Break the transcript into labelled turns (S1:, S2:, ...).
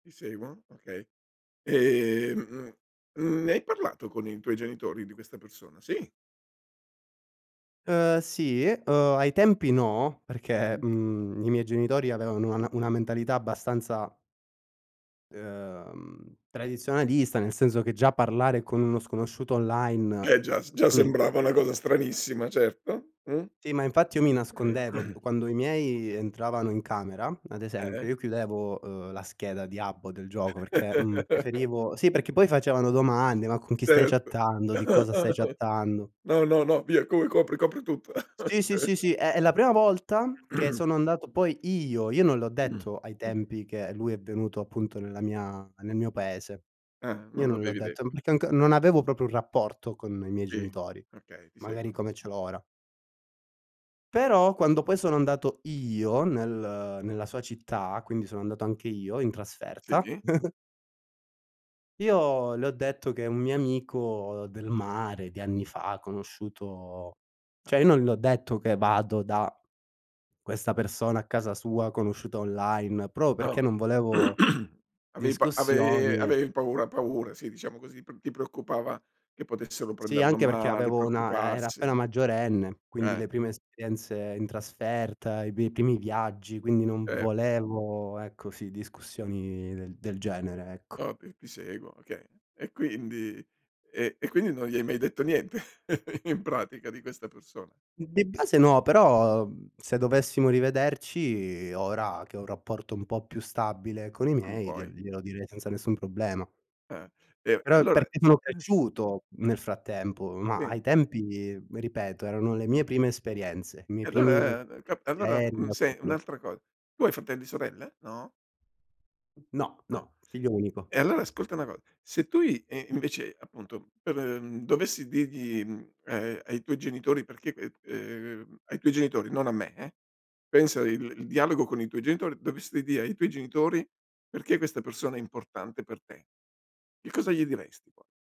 S1: Ti seguono, okay. Ehm, mhmm, ne hai parlato con i tuoi genitori di questa persona? Sì?
S2: Uhm sì, uhm, ai tempi no, perché,
S1: Mh.
S2: mhmm, i miei genitori avevano una una mentalità abbastanza uhm, tradizionalista, nel senso che già parlare con uno sconosciuto online,
S1: Eh già s già
S2: mh.
S1: sembrava una cosa stranissima certo. Mh.
S2: Sì, ma infatti io mi nascondevo, d quando i miei entravano in camera, ad esempio,
S1: Eh.
S2: io chiudevo, uhm, la scheda di app o del gioco perché, mhmm, preferivo sì, perché poi facevano domande, ma con chi stai
S1: Certo.
S2: chattando? Di cosa stai chattando?
S1: No no no via com copri tutto.
S2: Sì, sì,
S1: Ok
S2: sì, sì e la prima volta, che sono andato poi io io non l'ho
S1: Mh.
S2: detto ai tempi che lui è venuto appunto nella mia nel mio paese.
S1: Ah,
S2: Io
S1: non
S2: non l'ho
S1: l'avevi
S2: detto,
S1: detto.
S2: perché anco non avevo proprio un rapporto con i miei
S1: Sì.
S2: genitori,
S1: Okay, ti
S2: magari
S1: seguono.
S2: come ce l'ho ora. Però quando poi sono andato io nel nella sua città, quindi sono andato anche io in trasferta
S1: Sì.
S2: io le ho detto che un mio amico del mare di anni fa, conosciuto
S1: A
S2: cioè io non le ho detto che vado da questa persona a casa sua, conosciuta online, proprio perché
S1: Oh.
S2: non volevo
S1: Avevi pa ave
S2: discussioni.
S1: avevi paura paura sì, diciamo così, p ti preoccupava che potessero
S2: Sì,
S1: prenderlo a
S2: anche perché
S1: male,
S2: avevo una eh, era
S1: preoccuparsi.
S2: appena maggiorenne, quindi
S1: Eh.
S2: le prime esperienze in trasferta, i pi i primi viaggi, quindi non
S1: Certo.
S2: volevo, ecco, sì, discussioni del genere, ecco.
S1: Ok, ti seguono, okay. E quindi e e quindi non gli hai mai detto niente in pratica di questa persona.
S2: Mhmm, di base no, però se dovessimo rivederci, ora che ho un rapporto un po' più stabile con i
S1: Quindi
S2: miei,
S1: poi
S2: gliel glielo direi senza nessun problema.
S1: Eh, e
S2: Però è
S1: allora
S2: perché sono cresciuto, nel frattempo, ma
S1: Sì.
S2: ai tempi, ripeto, erano le mie prime esperienze, i miei
S1: E
S2: primi
S1: allora al a allora
S2: aerei
S1: un
S2: da
S1: se
S2: solo.
S1: un'altra cosa, tu hai fratelli, sorelle? No?
S2: No,
S1: No.
S2: no, figlio unico.
S1: E allora ascolta una co se tu i e invece, appunto dove dovessi dirgli, ehm, ai tuoi genitori perché ehm, ehm, ai tuoi genitori, non a me eh. Pensa il il dialogo con i tuoi genitori, dovessi dire ai tuoi genitori perché questa persona è importante per te? Che cosa gli diresti po